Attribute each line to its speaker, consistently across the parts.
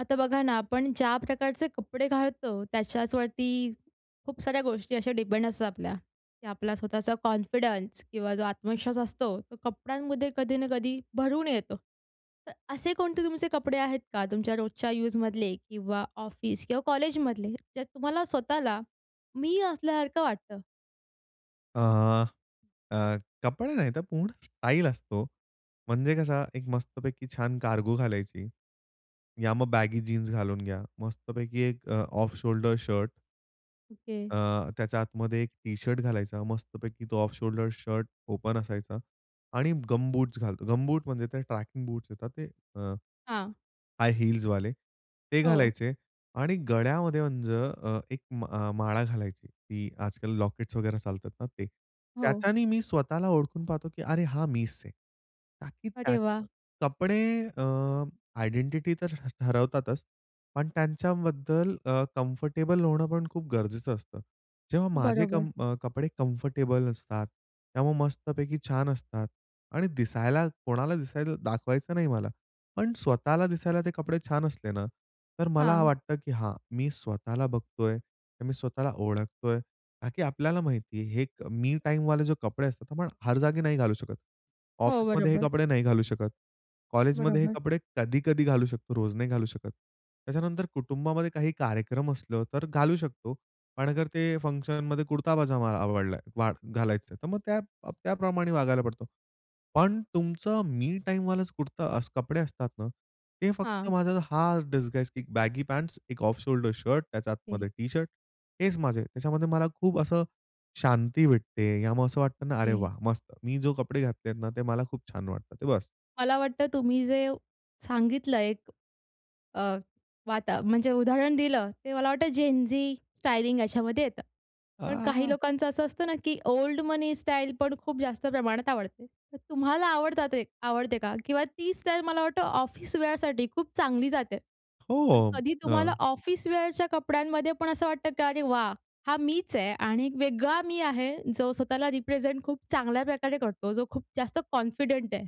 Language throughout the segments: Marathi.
Speaker 1: आता बघा ना, आपण ज्या प्रकारचे कपडे घालतो त्याच्याचवरती खूप साऱ्या गोष्टी अशा डिपेंड असतात आपल्या की आपला स्वतःचा कॉन्फिडन्स किंवा जो आत्मविश्वास असतो तो कपड्यांमध्ये कधी ना कधी भरून येतो. तर असे कोणते तुमचे कपडे आहेत का? तुमच्या रोजच्या यूजमधले किंवा ऑफिस किंवा कॉलेजमधले? त्यात तुम्हाला स्वतःला मी असल्यासारखं वाटतं?
Speaker 2: अ, अ, कपडे नाही तर पूर्ण स्टाइल असतो. म्हणजे कसं एक मस्तपैकी छान कार्गो घालायची. या मग बॅगी जीन्स घालून घ्या. मस्तपैकी एक अ, ऑफ शोल्डर शर्ट.
Speaker 1: ओके.
Speaker 2: अ, त्याच्या आतमध्ये एक टी शर्ट घालायचा, मस्तपैकी तो ऑफ शोल्डर शर्ट ओपन असायचा आणि गमबूट घालतो. गमबूट म्हणजे ते ट्रेकिंग बूट येतात ते, अ
Speaker 1: हां.
Speaker 2: हाय हील्स वाले ते
Speaker 1: हो.
Speaker 2: घालायचे. आणि गळ्यामध्ये म्हणजे अ, एक माळा घालायची की आजकाल लॉकेट्स वगैरे चालतात ना, ते
Speaker 1: हो.
Speaker 2: त्याच्यानी मी स्वतःला ओळखून पाहतो, की अरे हा मीच आहे. का, की
Speaker 1: अरे
Speaker 2: त्यात
Speaker 1: वाह!
Speaker 2: कपडे अ, आयडेंटिटी तर ठरवतातच. पण त्यांच्याबद्दल अ, कम्फर्टेबल होणं पण खूप गरजेचं असतं. जेव्हा माझे
Speaker 1: बरोबर.
Speaker 2: कम कपडे कम्फर्टेबल असतात, त्यामुळे मस्तपैकी छान असतात आणि दिसायला कोणाला दिसायला दाखवायचं नाही मला, पण स्वतःला दिसायला ते कपडे छान असले ना, तर मला
Speaker 1: हां.
Speaker 2: वाटतं की हां, मी स्वतःला बघतोय. तर मी स्वतःला ओळखतोय, का की आपल्याला माहिती आहे, हे मी टाईम वाले जो कपडे असतात आपण हर जागी नाही घालू शकत,
Speaker 1: हो.
Speaker 2: ऑफिसमध्ये हे
Speaker 1: बरोबर.
Speaker 2: कपडे नाही घालू शकत, कॉलेजमध्ये हे
Speaker 1: बरोबर.
Speaker 2: कपडे कधी-कधी घालू शकतो, रोज नाही घालू शकत. त्याच्यानंतर कुटुंबामध्ये काही कार्यक्रम असलं, तर घालू शकतो. पण अगर ते फंक्शनमध्ये कुर्ता पजामा आवडला घालायचं आहे. तर मग त्या त्याप्रमाणे वागायला पडतो. पण तुमचं, मी टाईम वाला कुर्ता असं कपडे असतात ना ते फक्त
Speaker 1: हां.
Speaker 2: माझा हा डिझाईन बॅगी पँट्स, एक ऑफ शोल्डर शर्ट, त्याच्या
Speaker 1: ओके.
Speaker 2: आतमध्ये टी शर्ट, हेच माझे त्याच्यामध्ये मला खूप असं शांती भेटते. यामुळे असं वाटतं ना, अरे
Speaker 1: ओके.
Speaker 2: वाह! मस्त. मी जो कपडे घातलेत ना ते मला खूप छान वाटतं ते बस.
Speaker 1: मला वाटतं, तुम्ही जे व सांगितलं आहे एक अ, वाता म्हणजे उदाहरण दिलं ते मला वाटतं, जेन झी स्टायलिंग याच्यामध्ये येतं. पण काही
Speaker 2: आह!
Speaker 1: लोकांचं असं असतं ना, की ओल्ड मनी स्टाईल, पण खूप जास्त प्रमाणात आवडते. तर तुम्हाला आवडतात ते आवडते का किंवा ती स्टाईल मला वाटतं ऑफिस वेअरसाठी खूप चांगली जाते. तर
Speaker 2: हो, अं,
Speaker 1: कधी तुम्हाला
Speaker 2: हां.
Speaker 1: ऑफिस वेअरच्या कपड्यांमध्ये पण, असं वाटतं की अरे वाह! हा मीच आहे आणि एक वेगळा मी आहे जो स्वतःला रिप्रेझेंट खूप चांगल्या प्रकारे करतो. जो खूप जास्त कॉन्फिडंट आहे.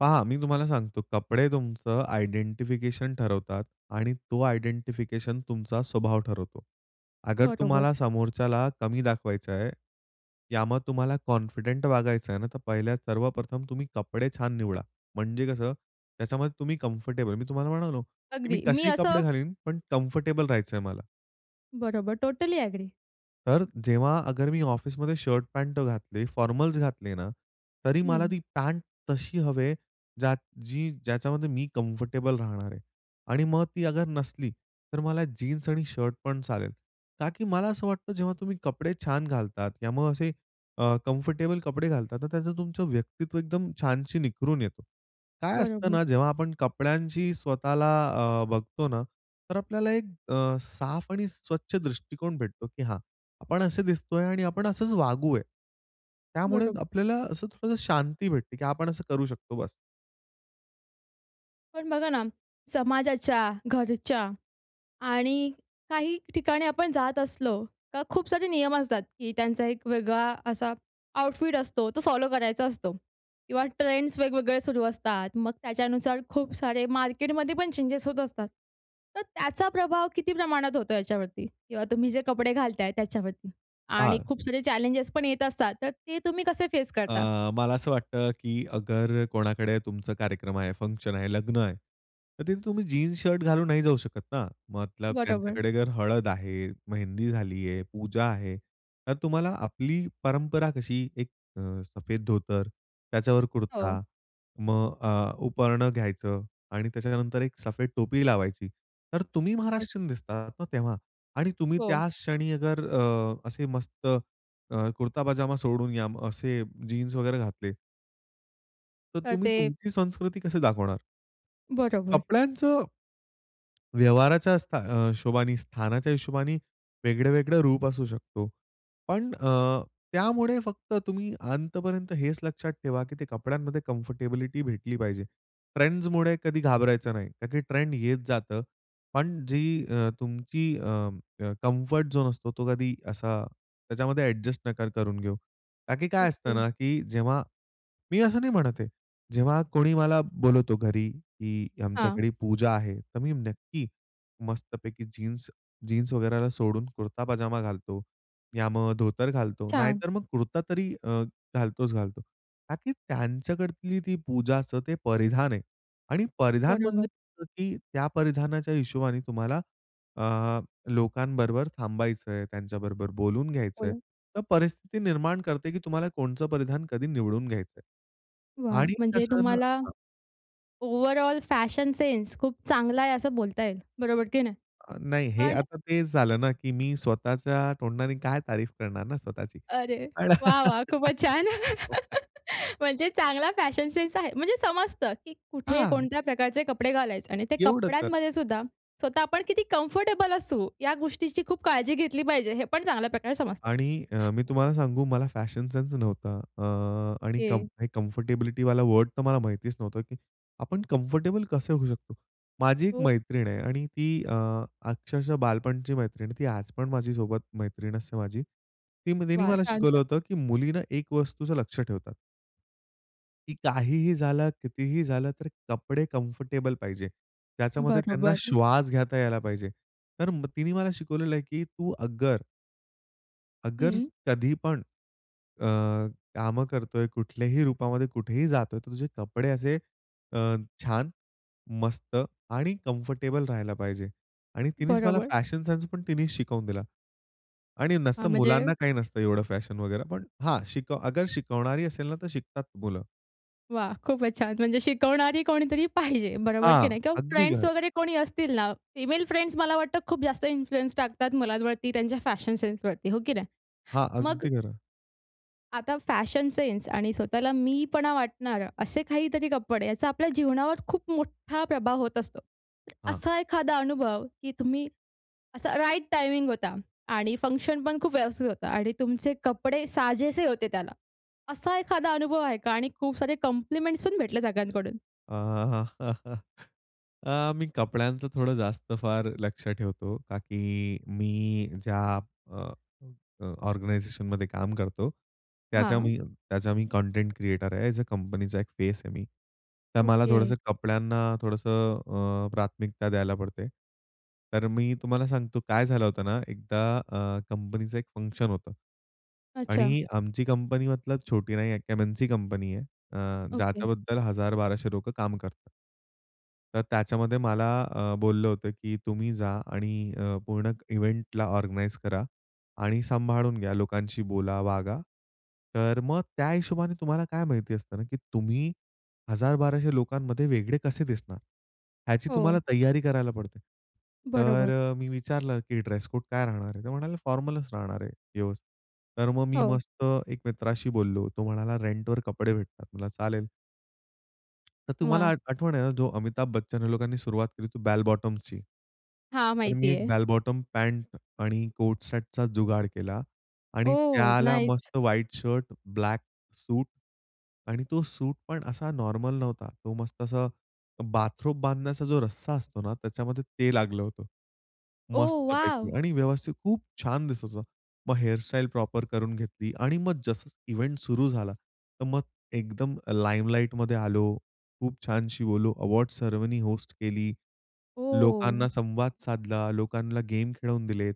Speaker 2: पहा मी तुम्हाला सांगतो. कपडे तुमचं आयडेंटिफिकेशन ठरवतात आणि तो आयडेंटिफिकेशन तुमचा स्वभाव ठरवतो. अगर
Speaker 1: बरोबर.
Speaker 2: तुम्हाला समोरच्याला कमी दाखवायचं आहे, या मग तुम्हाला कॉन्फिडेंट वागायचं आहे ना, तर पहिल्या सर्वप्रथम तुम्ही कपडे छान निवडा. म्हणजे कसं त्याच्यामध्ये तुम्ही कम्फर्टेबल मी तुम्हाला म्हणालो की मी
Speaker 1: अगदी, मी
Speaker 2: कसेही
Speaker 1: असं
Speaker 2: कपडे घालीन पण कम्फर्टेबल राहायचंय मला.
Speaker 1: बरोबर. Totally agree.
Speaker 2: तर जेव्हा अगर मी ऑफिसमध्ये शर्ट-पॅन्ट अ, घातले, फॉर्मल्स घातले ना, तरी मला
Speaker 1: हं.
Speaker 2: ती पॅन्ट तशी हवे ज्यात जी ज्याच्यामध्ये मी कम्फर्टेबल राहणार आहे. आणि मग ती अगर नसली तर मला जीन्स आणि शर्ट पण चालेल. का की मला असं वाटतं जेव्हा तुम्ही कपडे छान घालतात या मग असे अ, कम्फर्टेबल कपडे घालतात, तर त्याचं तुमचं व्यक्तित्व एकदम छानशी निखरून येतो. काय असतं
Speaker 1: बरोबर.
Speaker 2: ना जेव्हा आपण कपड्यांची स्वतःला अ, बघतो ना, तर आपल्याला एक अ, साफ आणि स्वच्छ दृष्टिकोन भेटतो की हां, आपण असे दिसतो आहे आणि आपण असंच वागूया. त्यामुळे
Speaker 1: बरोबर.
Speaker 2: आपल्याला असं थोडसं शांती भेटते की आपण असं करू शकतो बस.
Speaker 1: पण बघा ना, समाजाच्या, घरच्या आणि काही ठिकाणी आपण जात असलो, तर खूप सारे नियम असतात, की त्यांचा एक वेगळा असा आउटफिट असतो. तो फॉलो करायचा असतो. किंवा ट्रेंड्स वेगवेगळे सुरू असतात. मग त्याच्यानुसार खूप सारे मार्केटमध्ये पण चेंजेस होत असतात. तर त्याचा प्रभाव किती प्रमाणात होतो याच्यावरती? किंवा तुम्ही जे कपडे घालताय त्याच्यावरती? आणि
Speaker 2: हां.
Speaker 1: खूप सारे चॅलेंजेस पण येत असतात, तर ते तुम्ही कसे फेस करता?
Speaker 2: अ, मला असं वाटतं, की अगर कोणाकडे तुमचा कार्यक्रम आहे, फंक्शन आहे, लग्न आहे. तर तिथे तुम्ही जीन्स, शर्ट घालून नाही जाऊ शकत ना, मतलब
Speaker 1: बरोबर.
Speaker 2: त्यांच्याकडे जर हळद आहे, मेहंदी झाली आहे, पूजा आहे, तर तुम्हाला आपली परंपरा कशी एक अ, सफेद धोतर, त्याच्यावर
Speaker 1: हो.
Speaker 2: कुर्ता, मग अ, उपरणं घ्यायचं आणि त्याच्यानंतर एक सफेद टोपी लावायची. तर तुम्ही
Speaker 1: मग.
Speaker 2: महाराष्ट्रीयन दिसतात ना, तेव्हा आणि तुम्ही
Speaker 1: हो.
Speaker 2: त्याच क्षणी अगर अ, असे मस्त कुर्ता पजामा सोडून घ्या असे जीन्स वगैरे घातले तर
Speaker 1: तर
Speaker 2: तुम्ही,
Speaker 1: ते
Speaker 2: तुमची संस्कृती कशी दाखवणार?
Speaker 1: बरोबर.
Speaker 2: कपड्यांचं, व्यवहाराच्या असता अ, हिशोबाने, स्थानाच्या हिशोबाने वेगळं-वेगळं रूप असू शकतो. पण अ, त्यामुळे फक्त तुम्ही अंतपर्यंत हेच लक्षात ठेवा, की ते कपड्यांमध्ये कम्फर्टेबिलिटी भेटली पाहिजे. ट्रेंड्समुळे कधी घाबरायचं नाही, का की ट्रेंड येत जातं पण जी अ, तुमची अ, अं, कम्फर्ट झोन असतो, तो कधी असा त्याच्यामध्ये ॲडजस्ट नका करून घेऊ. का की काय असतं
Speaker 1: ओके.
Speaker 2: ना, की जेव्हा मी असं नाही म्हणत आहे. जेव्हा कोणी मला बोलवतो घरी, "की
Speaker 1: हां.
Speaker 2: आमच्याकडे पूजा आहे." तर मी नक्की मस्तपैकी जीन्स जीन्स वगैरेला सोडून कुर्ता पजामा घालतो, या मग धोतर घालतो,
Speaker 1: छान.
Speaker 2: नाहीतर मग कुर्ता तरी अ, घालतोच घालतो. का की त्यांच्याकडतील ती पूजाचं ते परिधान आहे आणि परिधान म्हणजे
Speaker 1: बरोबर.
Speaker 2: असं की त्या परिधानाच्या हिशोबाने तुम्हाला, अ, लोकांबरोबर थांबायचं आहे, त्यांच्याबरोबर बोलून घ्यायचंय,
Speaker 1: बोला?
Speaker 2: तर परिस्थिती निर्माण करते, की तुम्हाला कोणचं परिधान कधी निवडून घ्यायचं आहे
Speaker 1: वाह!
Speaker 2: आणि
Speaker 1: म्हणजे
Speaker 2: तसं न
Speaker 1: तुम्हाला
Speaker 2: हं.
Speaker 1: ओव्हरऑल फॅशन सेन्स खूप चांगला आहे, असं बोलता येईल. बरोबर की नाही?
Speaker 2: अ, नाही हे
Speaker 1: पण
Speaker 2: आता तेच झालं ना, की मी स्वतःच्या तोंडाने काय तारीफ करणार ना स्वतःची.
Speaker 1: अरे,
Speaker 2: आ
Speaker 1: वाह! वाह! खूपच छान! म्हणजे चांगला फॅशन सेन्स आहे. म्हणजे समजतं, की कुठे
Speaker 2: हां.
Speaker 1: कोणत्या प्रकारचे कपडे घालायचे आणि ते
Speaker 2: एवढं तर.
Speaker 1: कपड्यांमध्ये सुद्धा, स्वतः आपण किती कंफर्टेबल असू या गोष्टींची खूप काळजी घेतली पाहिजे, हे पण चांगल्या प्रकारे समजतं.
Speaker 2: आणि अ, मी तुम्हाला सांगू, मला फॅशन सेन्स नव्हता अ, आणि कम
Speaker 1: ओके.
Speaker 2: कम्फर्टेबिलिटीवाला वर्ड तर मला माहितीच नव्हतं, की आपण कम्फर्टेबल कसे होऊ शकतो? माझी एक
Speaker 1: हो.
Speaker 2: मैत्रीण आहे आणि ती अ, अक्षरशः बालपणची मैत्रीण आहे, ती आज पण माझीसोबत मैत्रीण असते माझी. ती म तिनी
Speaker 1: वाह!
Speaker 2: मला
Speaker 1: छान!
Speaker 2: शिकवलं
Speaker 1: छान!
Speaker 2: होतं, की मुलीनं एक वस्तूचं लक्ष ठेवत. की काहीही झालं, कितीही झालं तर कपडे कम्फर्टेबल पाहिजे. त्याच्यामध्ये त्यांना
Speaker 1: बरोबर.
Speaker 2: श्वास घेता यायला पाहिजे. तर म तिने मला शिकवलेलं आहे, की तू अगर अगर
Speaker 1: हं.
Speaker 2: कधीपण अ, कामं करतोय, कुठल्याही रूपामध्ये, कुठेही जातोय, तर तुझे कपडे असे अ, छान, मस्त आणि कम्फर्टेबल राहायला पाहिजे. आणि तिनेच मला
Speaker 1: बरोबर.
Speaker 2: फॅशन सेन्स पण तिनेच शिकवून दिला आणि
Speaker 1: हां,
Speaker 2: नसतं
Speaker 1: म्हणजे
Speaker 2: मुलांना काही नसतं एवढं फॅशन वगैरे, पण हा शिकव अगर शिकवणारी असेल ना, तर शिकतात मुलं.
Speaker 1: वाह! खूपचं छान. म्हणजे शिकवणारी कोणीतरी पाहिजे बरोबर की
Speaker 2: हां,
Speaker 1: नाही? किंवा
Speaker 2: अगदी
Speaker 1: फ्रेंड्स
Speaker 2: खरं.
Speaker 1: वगैरे कोणी असतील ना, फिमेल फ्रेंड मला वाटतं खूप जास्त इन्फ्लुअन्स टाकतात मुलांवरती त्यांच्या फॅशन सेन्सवरती, हो की नाही?
Speaker 2: हां,
Speaker 1: मग
Speaker 2: अगदी खरं.
Speaker 1: आता फॅशन सेन्स आणि स्वतःला मी पणा वाटणारं, असे काहीतरी कपडे याचा आपल्या जीवनावर खूप मोठा प्रभाव होत असतो.
Speaker 2: हां.
Speaker 1: असा एखादा अनुभव की तुम्ही असा राईट टायमिंग होता आणि फंक्शनपण खूप व्यवस्थित होता आणि तुमचे कपडे साजेसे होते त्याला, असा एखादा अनुभव आहे का? आणि खूप सारे कॉम्प्लिमेंट्स पण भेटले सगळ्यांकडून?
Speaker 2: अ, मी कपड्यांचं थोडं जास्त फार लक्ष ठेवतो का की मी ज्या अ, अ, ऑर्गनायझेशनमध्ये काम करतो. त्याचा
Speaker 1: हां.
Speaker 2: मी त्याचा मी कंटेंट क्रिएटर आहे, एज ए कंपनीचा एक फेस आहे मी. तर मला
Speaker 1: ओके.
Speaker 2: थोडंसं कपड्यांना थोडंसं अ, प्राथमिकता द्यायला पडते. तर मी तुम्हाला सांगतो, काय झालं होतं ना? एकदा अ, कंपनीचं एक फंक्शन होतं
Speaker 1: अच्छा.
Speaker 2: आणि आमची कंपनी मतलब छोटी नाही आहे, एक "एम-एन-सी" कंपनी आहे. अ,
Speaker 1: ओके.
Speaker 2: ज्याच्याबद्दल 1000-1200 लोकं काम करतात. तर त्याच्यामध्ये मला अ, बोललं होतं की, "तुम्ही जा आणि अ, पूर्ण इव्हेंटला ऑर्गनाइज करा आणि सांभाळून घ्या, लोकांशी बोला, वागा." तर मग त्या हिशोबाने तुम्हाला काय माहिती असतं ना, की तुम्ही 1000-1200 लोकांमध्ये वेगळे कसे दिसणार. ह्याची
Speaker 1: हो.
Speaker 2: तुम्हाला तैयारी करायला पडते.
Speaker 1: बरोबर.
Speaker 2: तर मी विचारलं, "की ड्रेस कोड काय राहणार आहे?" तर म्हणाले, "फॉर्मलच" राहणार आहे, व्यवस्थित." तर मग मी
Speaker 1: हो.
Speaker 2: मस्त एक मित्राशी बोललो होतो, तो म्हणाला, "रेंटवर कपडे भेटतात" म्हटलं चालेल. तर तुम्हाला
Speaker 1: वाह!
Speaker 2: आठ आठवण आहे ना, जो अमिताभ बच्चन ह्या लोकांनी सुरुवात केली, ते बॅल बॉटमची.
Speaker 1: हां,
Speaker 2: तर मी
Speaker 1: माहिती
Speaker 2: एक
Speaker 1: आहे.
Speaker 2: बॅल बॉटम पँट आणि कोट सेटचा जुगाड केला आणि
Speaker 1: ओह!
Speaker 2: त्याला
Speaker 1: नाईस!
Speaker 2: मस्त व्हाइट शर्ट, ब्लैक सूट आणि तो सूट पण असा नॉर्मल नव्हता. तो मस्त असा बाथरोब बांधण्याचा जो रस्सा असतो ना, त्याच्यामध्ये ते लागलं होतं.
Speaker 1: Oh wow!
Speaker 2: मस्तपैकी आणि व्यवस्थित खूप छान दिसत होतं. मग हेअरस्टाईल प्रॉपर करून घेतली आणि मग जसं इव्हेंट सुरु झाला. तर मग एकदम लाइमलाइटमध्ये आलो, खूप छानशी बोललो, अवॉर्ड सेरेमनी होस्ट केली.
Speaker 1: ओह!
Speaker 2: लोकांना संवाद साधला, लोकांना गेम खेळवून दिलेत.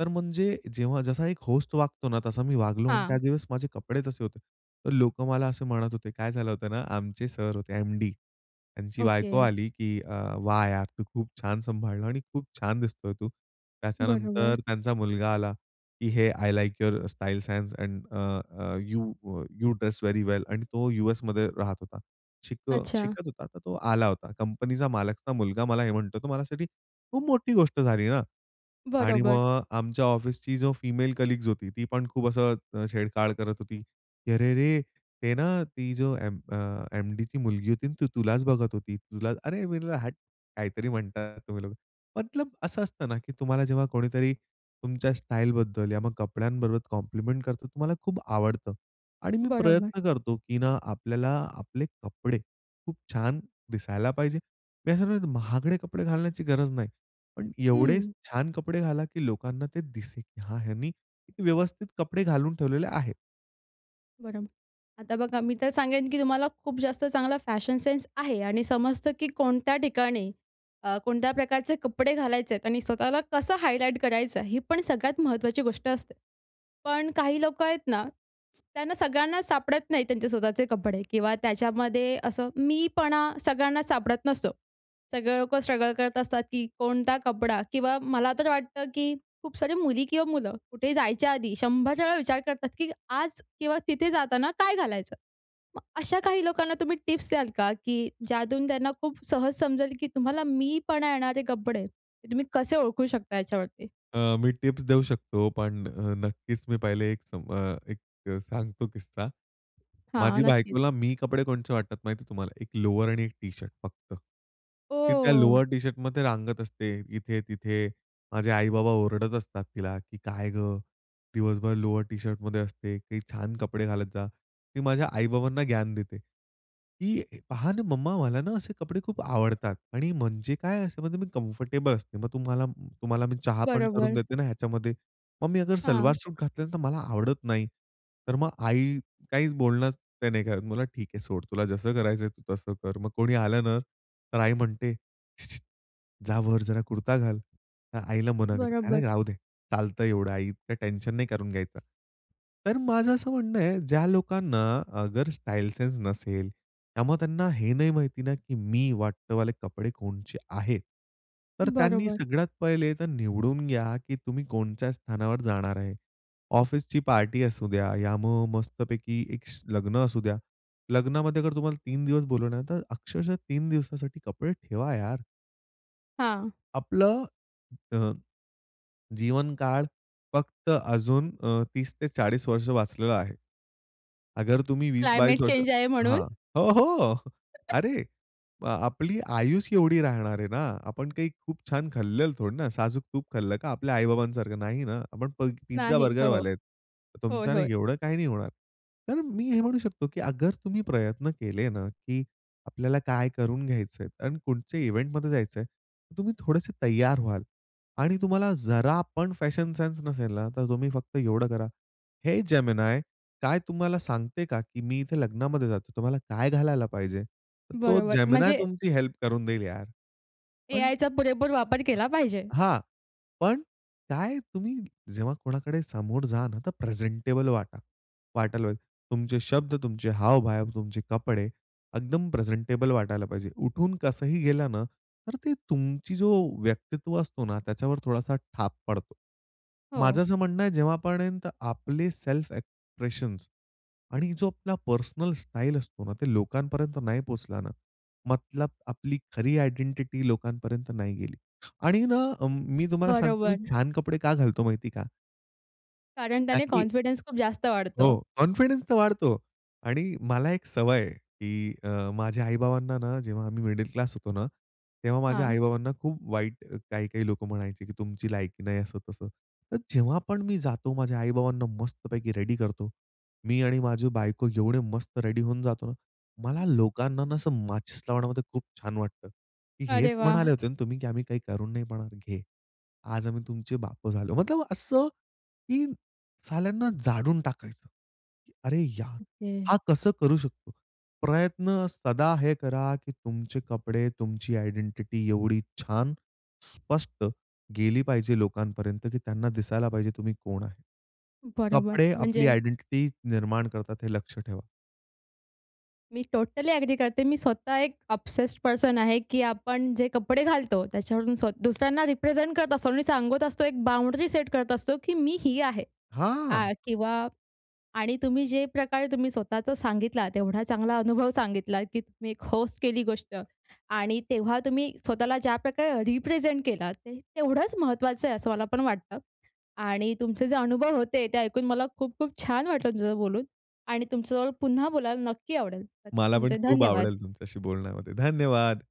Speaker 2: तर म्हणजे जेव्हा जसा एक होस्ट वागतो ना, तसा मी वागलो आणि
Speaker 1: हां.
Speaker 2: त्याच दिवस माझे कपडे तसे होते. तर लोकं मला असं म्हणत होते, काय झालं होतं ना? आमचे सर होते, एम-डी, त्यांची बायको
Speaker 1: ओके.
Speaker 2: आली, "की अ, वाह यार! तू खूप छान सांभाळल आहे आणि खूप छान दिसतो आहे तू."
Speaker 1: बरोबर.
Speaker 2: त्याच्यानंतर त्यांचा मुलगा आला, "की hey! I like your style sense and uh, uh, you you dress very well आणि तो यूएसमध्ये राहत होता. शिक
Speaker 1: अच्छा.
Speaker 2: शिकत होता, तर तो आला होता. कंपनीचा मालकचा मुलगा मला हे म्हणतो, तर माझ्यासाठी खूप मोठी गोष्ट झाली ना आणि
Speaker 1: बरोबर.
Speaker 2: मग आमच्या ऑफिसची जो फिमेल कलीग्स होती ती पण खूप असं छेडछाढ करत होती, "की अरे रे! ते ना, ती जो एम अ, एम-डीची मुलगी होती ना ती तुलाच बघत होती, तुला "अरे मी म्हंटल "हाट" काहीतरी म्हणतात तुम्ही लोक. मतलब अस असतं ना की तुम्हाला जेव्हा कोणीतरी तुमच्या स्टाईल बद्दल या मग कपड्यांबरोबर कॉम्प्लिमेंट करतो तुम्हाला खूप आवडतं आणि मी
Speaker 1: बरोबर.
Speaker 2: प्रयत्न करतो की ना आपल्याला आपले कपडे खूप छान दिसायला पाहिजे. मी असं म्हणतो, महागडे कपडे घालण्याची गरज नाही. पण एवढे
Speaker 1: हं.
Speaker 2: छान कपडे घाला की लोकांना ते दिसेल की हा, ह्यांनी व्यवस्थित कपडे घालून ठेवलेले आहेत.
Speaker 1: बरोबर, आता बघा, मी तर सांगेन, की तुम्हाला खूप जास्त चांगला फॅशन सेन्स आहे आणि समजतं, की कोणत्या ठिकाणी अ, कोणत्या प्रकारचे कपडे घालायचेत आणि स्वतःला कसं हायलाइट करायचं, ही पण सगळ्यात महत्त्वाची गोष्ट असते. पण काही लोकं आहेत ना, स त्यांना सगळ्यांनाच सापडत नाहीत त्यांचे स्वतःचे कपडे. किंवा त्याच्यामध्ये असं मीपणा सगळ्यांनाच सापडत नसतो. सगळे लोकं स्ट्रगल करत असतात, की कोणता कपडा, किंवा मला तर वाटतं, की खूप सारी मुली किंवा मुलं कुठेही जायच्या आधी 100 वेळा विचार करतात, की आज किंवा तिथे जाताना काय घालायचं? मग अशा काही लोकांना तुम्ही टिप्स द्याल का, की ज्यातून त्यांना खूप सहज समजेल, की तुम्हाला मीपणा येणारे कपडे आहेत, ते तुम्ही कसे ओळखू शकता याच्यावरती?
Speaker 2: अ, मी टिप्स देऊ शकतो. पण अ, नक्कीच मी पहिले एक सा अ, एक सांगतो किस्सा.
Speaker 1: हां,
Speaker 2: माझ्या
Speaker 1: नक्कीच.
Speaker 2: बायकोला मी कपडे कोणचे वाटतात माहिती आहे तुम्हाला, एक लोवर आणि एक टी-शर्ट फक्त. ती त्या
Speaker 1: ओ!
Speaker 2: लोवर टी-शर्टमध्ये रांगत असते इथे-तिथे. माझे आई-बाबा ओरडत असतात. तिला की काय गं, दिवसभर लोवर टी-शर्टमध्ये असते? काही छान कपडे घालत जा. ती माझ्या आई-बाबांना ज्ञान देते, "की पहा ना मम्मा, मला ना असे कपडे खूप आवडतात.आणि म्हणजे काय असं म्हणजे मी कम्फर्टेबल असते मग तुम्हाला तुम्हाला मी चहा पण करून
Speaker 1: बरोबर.
Speaker 2: देते ना ह्याच्यामध्ये. मग मी
Speaker 1: हां.
Speaker 2: सलवार सूट घातली तर मला आवडत नाही." तर मग आई काहीच बोलणं ते नाही का, मला ठीक आहे सोड तुला जसं करायचं आहे तू तसं कर. मग कोणी आलं ना, तर आई म्हणते, "जा वर जरा कुर्ता घाल." तर आईला मना करते, "अरे
Speaker 1: बरोबर.
Speaker 2: राहू दे, चालतं एवढं आई, इतकं टेन्शन नाही करून घ्यायचा." तर माझं असं म्हणणं आहे ज्या लोकांना अगर स्टाईल सेन्स नसेल त्यामुळे त्यांना हे नाही माहिती ना की मी वाटत वाले कपडे कोणचे आहेत. तर त्यांनी
Speaker 1: बरोबर.
Speaker 2: सगळ्यात पहिले तर निवडून घ्या की तुम्ही कोणच्या स्थानावर जाणार आहे. ऑफिसची पार्टी असू द्या, या मग मस्तपैकी एक स लग्न असू द्या. लग्नामध्ये अगर तुम्हाला 3 दिवस बोलवलं तर अक्षरशः 3 दिवसासाठी कपडे ठेवा यार.
Speaker 1: हां.
Speaker 2: आपलं अ, जीवनकाळ फक्त अजून अ, 30-40 वर्ष वाचलेला आहे. अगर तुम्ही 20-22
Speaker 1: क्लायमेट
Speaker 2: वर्ष
Speaker 1: चेंज आहे म्हणून?
Speaker 2: हां. हो, हो. अरे, आ आपली आयुचं एवढी राहणार आहे ना, आपण काही खूप छान खाल्लेल थोडं ना, साजूक तूप खाल्लं का आपल्या आई-बाबांसारखं. नाही ना? आपण प
Speaker 1: नाही. हो, हो,
Speaker 2: पिझ्झा-बर्गरवाले आहेत.
Speaker 1: होय,
Speaker 2: तुमच्याने
Speaker 1: होय.
Speaker 2: एवढं काही नाही होणार. तर मी हे म्हणू शकतो, की अगर तुम्ही प्रयत्न केले ना, की आपल्याला काय करून घ्यायचंय आणि कुठच्या इव्हेंटमध्ये जायचं आहे, तर तुम्ही थोडेसे तयार व्हाल आणि तुम्हाला जरा पण फॅशन सेन्स नसेल ना, तर तुम्ही फक्त एवढं करा. "हे जेमिनाय, काय तू मला सांगते का, की मी इथे लग्नामध्ये जातो, तर मला काय घालायला पाहिजे?" तर तो
Speaker 1: बरोबर,
Speaker 2: जेमिनाय
Speaker 1: म्हणजे
Speaker 2: तुमची हेल्प करून देईल यार. पण
Speaker 1: एआयचा पुरेपूर वापर
Speaker 2: [unintelligible]
Speaker 1: केला पाहिजे.
Speaker 2: हां. पण काय, तुम्ही जेव्हा कोणाकडे समोर जा ना, तर प्रेझेंटेबल वाटा वाटायला पाहिजे. तुमचे शब्द, तुमचे हावभावा तुमचे कपडे एकदम प्रेझेंटेबल वाटायला पाहिजे. उठून कसंही गेला ना, तर ते तुमची जो व्यक्तित्व असतो ना, त्याच्यावर थोडासा ठाप पडतो. माझं
Speaker 1: हो.
Speaker 2: असं म्हणणं आहे, जेव्हापर्यंत आपले सेल्फ एक्सप्रेशन्स आणि जो आपला पर्सनल स्टाइल असतो ना, ते लोकांपर्यंत नाही पोहचला ना, मतलब आपली खरी आयडेंटिटी लोकांपर्यंत नाही गेली. आणि ना अ, मी तुम्हाला सांगतो, मी
Speaker 1: बरोबर.
Speaker 2: छान कपडे का घालतो माहिती आहे का?
Speaker 1: कारण
Speaker 2: ता
Speaker 1: त्याने
Speaker 2: की
Speaker 1: कॉन्फिडंस खूप जास्त वाढतो.
Speaker 2: हो. कॉन्फिडन्स तर वाढतो. आणि मला एक सवय आहे, की अ, माझ्या आई-बाबांना ना, जेव्हा आम्ही मिडल क्लास होतो ना, तेव्हा माझ्या
Speaker 1: हां.
Speaker 2: आई-बाबांना खूप वाईट काही-काही लोकं म्हणायचे, की तुमची लायकी नाही, असं तसं. तर जेव्हा पण मी जातो, माझ्या आई-बाबांना मस्तपैकी रेडी करतो. मी आणि माझी बायको एवढे मस्त रेडी होऊन जातो ना, मला लोकांना ना असं माचिस लावण्यामध्ये खूप छान वाटतं, की
Speaker 1: अरे
Speaker 2: हेच
Speaker 1: वाह!
Speaker 2: म्हणाले होते ना तुम्ही, की आम्ही काही करू नाही म्हणणारे, घे. आज आम्ही तुमचे बापं झालो. मतलब असं, की साल्यांना जाणळून टाकायचं. अरे यार!
Speaker 1: ओके.
Speaker 2: हा, कसं करू शकतो? प्रयत्न सदा हे करा, की तुमचे कपडे, तुमची आयडेंटिटी, एवढी छान, स्पष्ट गेली पाहिजे लोकांपर्यंत, की त्यांना दिसायला पाहिजे, तुम्ही कोण आहे?
Speaker 1: बरोबर.
Speaker 2: कपडे आपली
Speaker 1: म्हणजे
Speaker 2: आयडेंटिटी निर्माण करतात, हे लक्ष ठेवा.
Speaker 1: मी टोटली एग्री करते. मी स्वतः एक ऑब्सेस्ड पर्सन आहे, की आपण जे कपडे घालतो, त्याच्यावरून स्व दुसऱ्यांना रिप्रेझेंट करत असतो आणि सांगत असतो, एक बाउंड्री सेट करत असतो, की "मी ही आहे."
Speaker 2: हां.
Speaker 1: आ, किंवा आणि तुम्ही जे प्रकारे तुम्ही स्वतःचं सांगितला, एवढा चांगला अनुभव सांगितला, की तुम्ही एक होस्ट केली गोष्ट. आणि तेव्हा तुम्ही स्वतःला ज्या प्रकारे रिप्रेझेंट केलात, ते तेवढंच महत्त्वाचं आहे, असं मला पण वाटतं. आणि तुमचे जे अनुभव होते, ते ऐकून मला खूप-खूप छान वाटलं, तुमच्या सोबत बोलून. आणि तुमच्या जवळ पुन्हा बोलायला नक्की आवडेल.
Speaker 2: मला पण
Speaker 1: तुमचे
Speaker 2: खूप
Speaker 1: धन्यवाद.
Speaker 2: आवडेल, तुमच्याशी बोलण्यामध्ये. धन्यवाद.